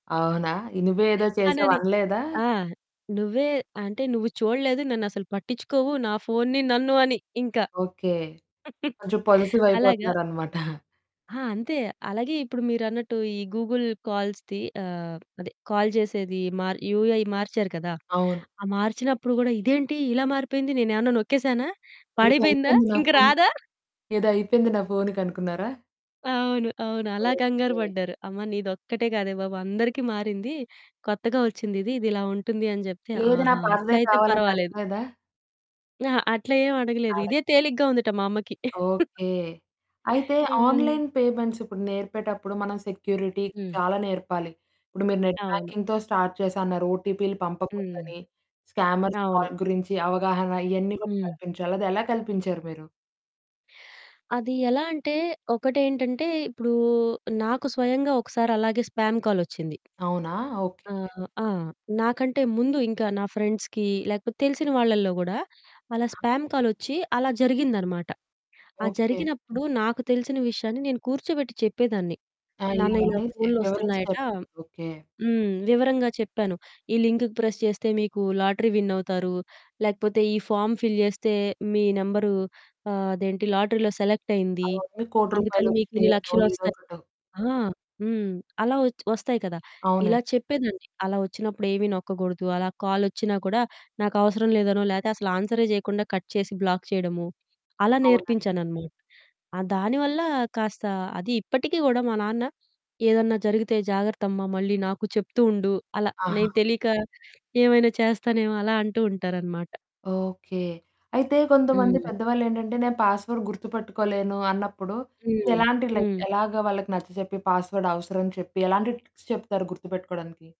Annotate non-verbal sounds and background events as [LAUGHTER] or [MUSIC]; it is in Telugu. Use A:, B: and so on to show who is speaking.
A: అవునా! నువ్వే ఏదో చేసావు
B: అనని
A: అనలేదా?
B: ఆ! నువ్వే అంటే, "నువ్వు చూడలేదు. నన్ను అసలు పట్టించుకోవు నా ఫోనుని నన్ను" అని ఇంకా.
A: ఓకే.
B: [CHUCKLES]
A: కొంచెం పొసెసివ్
B: అలాగా.
A: అయిపోతున్నారన్నమాట. [CHUCKLES]
B: ఆ! అంతే. అలాగే ఇప్పుడు మీరన్నట్టు ఈ గూగుల్ కాల్స్‌ది ఆహ్, అదే కాల్ చేసేది మర్ యూఐ మార్చారు కదా!
A: అవును.
B: ఆ మార్చినప్పుడు కూడా, "ఇదేంటి ఇలా మారిపోయింది, నేను ఏమన్నా నొక్కేసానా,
A: ఏదో
B: పాడైపోయిందా,
A: అయిపోయింది నా
B: ఇంకా
A: ఫోను,
B: రాదా?"
A: ఏదో అయిపోయింది నా ఫోనుకి అనుకున్నారా?
B: అవును. అవును. అలా కంగారు
A: ఓకే.
B: పడ్డారు. "అమ్మ, నీదొక్కటే కాదే బాబు అందరికి మారింది. కొత్తగా వచ్చిందిది, ఇది ఇలా ఉంటుంది" అని చెప్తే,
A: లేదు. నా
B: "ఆహా!
A: పాతదే
B: అట్లయితే
A: కావాలని
B: పర్వాలేదు."
A: అడగలేదా?
B: అహా! అట్లా ఏమి అడగలేదు.
A: అడగ్
B: ఇదే తేలికగా ఉందట మా అమ్మకి. [CHUCKLES]
A: ఓకే. అయితే
B: యాహ్!
A: ఆన్‌లైన్ పేమెంట్స్ ఇప్పుడు నేర్పేటప్పుడు, మనం సెక్యూరిటీ
B: హ్మ్.
A: చాలా నేర్పాలి. ఇప్పుడు మీరు నెట్
B: అవును.
A: బ్యాంకింగ్‌తో స్టార్ట్ చేసా అన్నారు, ఓటీపీలు
B: హ్మ్.
A: పంపకూడదని, స్కామర్స్
B: అవును.
A: కాల్ గురించి అవగాహన ఇయన్నీ గూడా
B: హ్మ్.
A: కల్పించాలి, అదెలా కల్పించారు మీరు?
B: అది ఎలా అంటే, ఒకటి ఏంటంటే ఇప్పుడు నాకు స్వయంగా ఒకసారి అలాగే స్పామ్ కాలొచ్చింది.
A: అవునా! ఓకే.
B: ఆహ్ ఆ! నాకంటే ముందు ఇంకా నా ఫ్రెండ్స్‌కి, లేకపోతే తెలిసిన వాళ్ళలో కూడా, అలా స్పామ్ కాలొచ్చి అలా జరిగిందనమాట. ఆ
A: ఓకే.
B: జరిగినప్పుడు నాకు తెలిసిన విషయాన్ని నేను కూర్చోబెట్టి చెప్పేదాన్ని. నాన్న ఇలా
A: అయ్యనేసి వివరించి
B: ఫోన్లొస్తున్నాయట
A: చెప్ ఓకే.
B: హ్మ్. వివరంగా చెప్పాను. ఈ లింక్ ప్రెస్ చేస్తే మీకు లాటరీ విన్నవుతారు, లేకపోతే ఈ ఫామ్ ఫిల్ చేస్తే మీ నెంబరు ఆహ్, అదేంటి లాటరీలో సెలెక్టైయింది,
A: అవన్నీ రూ. 1,00,00,000
B: అందుకని మీకు ఇన్ని
A: వచ్చినాయినో ఏదో
B: లక్షలొస్తాయి
A: ఒకటొ
B: ఆ! హ్మ్. అలా వచ్ వస్తాయి కదా! ఇలా
A: అవునండి.
B: చెప్పేదాన్ని. అలా వచ్చినప్పుడు ఏమి నొక్కకూడదు, అలా కాలొచ్చినా కూడా, నాకు అవసరం లేదనో, లేతే అసలు ఆన్సరే చేయకుండా కట్ చేసి, బ్లాక్ చేయడము. అలా
A: అవునండి.
B: నేర్పించాననమాట. ఆ దానివల్ల కాస్త అది ఇప్పటికి కూడా మా నాన్న, "ఏదన్నా జరిగితే జాగ్రత్తమ్మా, మళ్ళీ నాకు చెప్తూ ఉండు" అలా
A: ఆహా!
B: నేను తెలియక ఏమైనా చేస్తానేమో అలా అంటూ ఉంటారనమాట.
A: ఓకే. అయితే కొంతమంది
B: హ్మ్.
A: పెద్దవాళ్ళు ఏంటంటే, "నేను పాస్‌వర్డ్ గుర్తుపెట్టుకోలేను" అన్నప్పుడు,
B: హ్మ్.
A: ఎలాంటి లైక్
B: హ్మ్.
A: ఎలాగ వాళ్ళకి నచ్చచెప్పి, పాస్‌వర్డ్ అవసరం అని చెప్పి, ఎలాంటి టిప్స్ చెప్తారు గుర్తుపెట్టుకోవడానికి.